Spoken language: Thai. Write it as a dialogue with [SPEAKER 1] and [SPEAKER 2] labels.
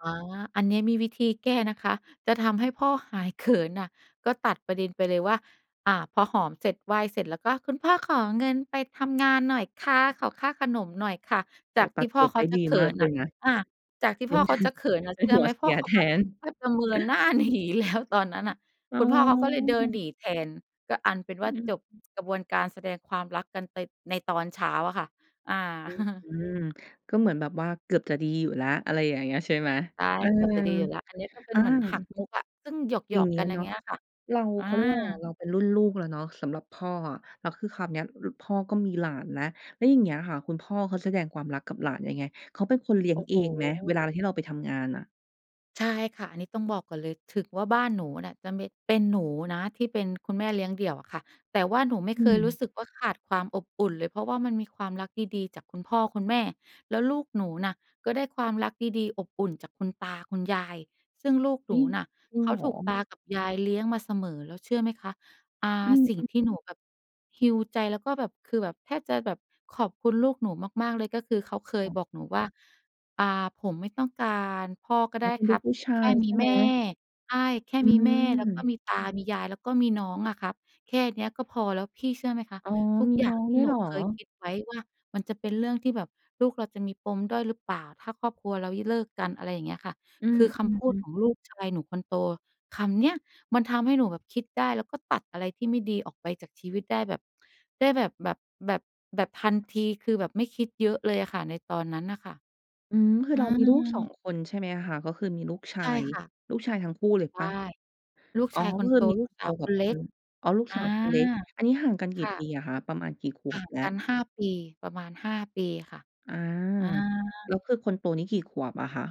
[SPEAKER 1] อ๋อ อันนี้มีวิธีแก้นะคะ จะทำให้พ่อหายเขินน่ะ ก็ตัดประเด็นไปเลยว่า อ่า พอหอมเสร็จไหว้เสร็จ แล้วก็คุณพ่อขอเงินไปทำงานหน่อยค่ะ ขอค่าขนมหน่อยค่ะ
[SPEAKER 2] โ
[SPEAKER 1] จ
[SPEAKER 2] อ้
[SPEAKER 1] า
[SPEAKER 2] โ
[SPEAKER 1] ก
[SPEAKER 2] ฮ ต
[SPEAKER 1] ท
[SPEAKER 2] ั
[SPEAKER 1] ี่
[SPEAKER 2] ด
[SPEAKER 1] พ
[SPEAKER 2] บ
[SPEAKER 1] ่อ
[SPEAKER 2] ท
[SPEAKER 1] เข
[SPEAKER 2] ไ
[SPEAKER 1] า
[SPEAKER 2] ด้
[SPEAKER 1] จะ
[SPEAKER 2] ดี
[SPEAKER 1] เขิ
[SPEAKER 2] มาก
[SPEAKER 1] น
[SPEAKER 2] เล
[SPEAKER 1] น่ะ
[SPEAKER 2] ยนะ
[SPEAKER 1] อ่า จากที่
[SPEAKER 2] เป
[SPEAKER 1] พ
[SPEAKER 2] ็
[SPEAKER 1] ่อ
[SPEAKER 2] น
[SPEAKER 1] เขาจะเขินน่ะ
[SPEAKER 2] เป
[SPEAKER 1] เ
[SPEAKER 2] ็
[SPEAKER 1] ช
[SPEAKER 2] น
[SPEAKER 1] ื่อ
[SPEAKER 2] หั
[SPEAKER 1] ไหม?
[SPEAKER 2] วเส
[SPEAKER 1] พ่
[SPEAKER 2] ี
[SPEAKER 1] อ
[SPEAKER 2] ย
[SPEAKER 1] เขา
[SPEAKER 2] แท
[SPEAKER 1] ก็อะ
[SPEAKER 2] น
[SPEAKER 1] แทบจะเมินหน้า หนีแล้ว ตอนนั้นน่ะ
[SPEAKER 2] อ๋
[SPEAKER 1] ค
[SPEAKER 2] อ
[SPEAKER 1] ุณพ่อเขาก็เลยเดินหนีแทน ก็อันเป็น
[SPEAKER 2] อ
[SPEAKER 1] ว่า
[SPEAKER 2] ื
[SPEAKER 1] จบ
[SPEAKER 2] ม
[SPEAKER 1] กระบวนการแสดงความรักกันไต ในตอนเช้าอะค่ะ อา
[SPEAKER 2] อือ อืม ก็เหมือนแบบว่า เกือบจะดีอยู่แล้ว อะไรอย่างเงี้ยใช่ไหม?
[SPEAKER 1] ใช่
[SPEAKER 2] เออ
[SPEAKER 1] เกือบจะดีอยู่แล้ว อันนี้ก็เป็
[SPEAKER 2] อ
[SPEAKER 1] น
[SPEAKER 2] า
[SPEAKER 1] เหมือนหักมุกอะ ซึ่งหย
[SPEAKER 2] อย่
[SPEAKER 1] อ
[SPEAKER 2] าง
[SPEAKER 1] ก
[SPEAKER 2] เง
[SPEAKER 1] ๆ
[SPEAKER 2] ี
[SPEAKER 1] ก
[SPEAKER 2] ้
[SPEAKER 1] ั
[SPEAKER 2] ย
[SPEAKER 1] นอย่
[SPEAKER 2] เน
[SPEAKER 1] า
[SPEAKER 2] า
[SPEAKER 1] งเ
[SPEAKER 2] ะ
[SPEAKER 1] งี้ยค่ะ
[SPEAKER 2] เรา
[SPEAKER 1] อา
[SPEAKER 2] เขาเรียกว่าอะไรอะ? เราเป็นรุ่นลูกแล้วเนาะ สำหรับพ่ออะ แล้วคือคราวเนี้ย ล พ่อก็มีหลานนะ แล้วอย่างเงี้ยค่ะ คุณพ่อเขาแสดงความรักกับหลานยังไง? เขาเป็นคนเลี้ยง
[SPEAKER 1] โอ้
[SPEAKER 2] เ
[SPEAKER 1] โ
[SPEAKER 2] อ
[SPEAKER 1] ฮ
[SPEAKER 2] งไหม? เวลาเราที่เราไปทำงานน่ะ
[SPEAKER 1] ใช่ค่ะ อันนี้ต้องบอกก่อนเลย ถึงว่าบ้านหนูเนี่ย จะเม็ด เป็นหนูนะที่เป็นคุณแม่เลี้ยงเดี่ยวอะค่ะ แต่ว่าหนูไม่
[SPEAKER 2] อ
[SPEAKER 1] เ
[SPEAKER 2] ื
[SPEAKER 1] คยรู้
[SPEAKER 2] ม
[SPEAKER 1] สึกว่าขาดความอบอุ่นเลย เพราะว่ามันมีความรักดี ๆ จากคุณพ่อคุณแม่ แล้วลูกหนูน่ะ ก็ได้ความรักดี ๆ อบอุ่นจากคุณตาคุณยาย ซึ่งลูกห
[SPEAKER 2] อ
[SPEAKER 1] น
[SPEAKER 2] ุ๊
[SPEAKER 1] ู
[SPEAKER 2] ย
[SPEAKER 1] น่ะ
[SPEAKER 2] จริง
[SPEAKER 1] เข
[SPEAKER 2] เ
[SPEAKER 1] า
[SPEAKER 2] หร
[SPEAKER 1] ถูก
[SPEAKER 2] อ?
[SPEAKER 1] ตากับยายเลี้ยงมาเสมอ แล้วเชื่อไหมคะ? อ่า
[SPEAKER 2] อืม
[SPEAKER 1] สิ่งที่
[SPEAKER 2] ๆ
[SPEAKER 1] หนูแบบ heal ใจ แล้วก็แบบ คือแบบแทบจะแบบขอบคุณลูกหนูมาก ๆ เลย ก็คือเขาเค
[SPEAKER 2] ค
[SPEAKER 1] ย
[SPEAKER 2] ่ะ
[SPEAKER 1] บอกหนูว่า อ่า ผมไม่ต้องการ พ่อก็
[SPEAKER 2] อ
[SPEAKER 1] ไ
[SPEAKER 2] ๋
[SPEAKER 1] ด
[SPEAKER 2] อ
[SPEAKER 1] ้
[SPEAKER 2] เป็น
[SPEAKER 1] ค
[SPEAKER 2] ล
[SPEAKER 1] ร
[SPEAKER 2] ู
[SPEAKER 1] ั
[SPEAKER 2] ก
[SPEAKER 1] บ
[SPEAKER 2] ผู้ช
[SPEAKER 1] แค
[SPEAKER 2] า
[SPEAKER 1] ่
[SPEAKER 2] ย
[SPEAKER 1] ม
[SPEAKER 2] ใช
[SPEAKER 1] ี
[SPEAKER 2] ่ไ
[SPEAKER 1] แ
[SPEAKER 2] ห
[SPEAKER 1] ม
[SPEAKER 2] ม?
[SPEAKER 1] ่ ใช่ แค่
[SPEAKER 2] อื
[SPEAKER 1] มีแม่ แล้วก็
[SPEAKER 2] ม
[SPEAKER 1] มีตามียาย แล้วก็มีน้องอะครับ แค่เนี้ยก็พอแล้ว พี่เชื่อไหมคะ?
[SPEAKER 2] อ๋อ
[SPEAKER 1] ทุก
[SPEAKER 2] มี
[SPEAKER 1] อย่
[SPEAKER 2] น้
[SPEAKER 1] า
[SPEAKER 2] อ
[SPEAKER 1] ง
[SPEAKER 2] ง
[SPEAKER 1] ที
[SPEAKER 2] ด
[SPEAKER 1] ่
[SPEAKER 2] ้วย
[SPEAKER 1] หน
[SPEAKER 2] เห
[SPEAKER 1] ู
[SPEAKER 2] รอ?
[SPEAKER 1] เคยคิดไว้ว่ามันจะเป็นเรื่องที่แบบ ลูกเราจะมีปมด้อยหรือเปล่า? ถ้าครอบครัวเรา ย เลิกกันอะไรอย่างเงี้ยค่ะ
[SPEAKER 2] อื
[SPEAKER 1] คือคำพูดข
[SPEAKER 2] ม ๆ
[SPEAKER 1] องลูกชายหนูคนโต คำเนี้ย มันทำให้หนูแบบคิดได้ แล้วก็ตัดอะไรที่ไม่ดีออกไปจากชีวิตได้แบบ ได้แบบ แบบ แบบ แบบทันที คือแบบไม่คิดเยอะเลยอะค่ะ ในตอนนั้นน่ะค่ะ
[SPEAKER 2] อืม คื
[SPEAKER 1] อ
[SPEAKER 2] อ
[SPEAKER 1] ื
[SPEAKER 2] เรามีลูก 2
[SPEAKER 1] อ
[SPEAKER 2] คนใช่ไหมคะ? ก็คือมีลูกช
[SPEAKER 1] ใ
[SPEAKER 2] า
[SPEAKER 1] ช่
[SPEAKER 2] ย
[SPEAKER 1] ค่ะ
[SPEAKER 2] ลูกชายทั้งคู่เลย
[SPEAKER 1] ใช
[SPEAKER 2] เป
[SPEAKER 1] ่
[SPEAKER 2] ล่า?
[SPEAKER 1] ลูก
[SPEAKER 2] อ๋อ
[SPEAKER 1] ชายค
[SPEAKER 2] ก็
[SPEAKER 1] น
[SPEAKER 2] ค
[SPEAKER 1] โ
[SPEAKER 2] ื
[SPEAKER 1] ต
[SPEAKER 2] อมี
[SPEAKER 1] ลู
[SPEAKER 2] ค
[SPEAKER 1] ก
[SPEAKER 2] นโ
[SPEAKER 1] ส
[SPEAKER 2] ต
[SPEAKER 1] าวค
[SPEAKER 2] กับ
[SPEAKER 1] นเล
[SPEAKER 2] ค
[SPEAKER 1] ็
[SPEAKER 2] น
[SPEAKER 1] ก
[SPEAKER 2] อ๋อ ลูก
[SPEAKER 1] อา
[SPEAKER 2] สาวคนเล็ก อันนี้ห่างกันก
[SPEAKER 1] ค
[SPEAKER 2] ี่
[SPEAKER 1] ่ะ
[SPEAKER 2] ปีอะคะ? ประมาณกี่ข
[SPEAKER 1] ห
[SPEAKER 2] ว
[SPEAKER 1] ่
[SPEAKER 2] บ
[SPEAKER 1] าง
[SPEAKER 2] แล้ว?
[SPEAKER 1] กัน 5 ปี ประมาณ 5 ปี ค่ะ
[SPEAKER 2] อา
[SPEAKER 1] อา
[SPEAKER 2] แล้วคือคนโตนี่กี่ขวบอะคะ?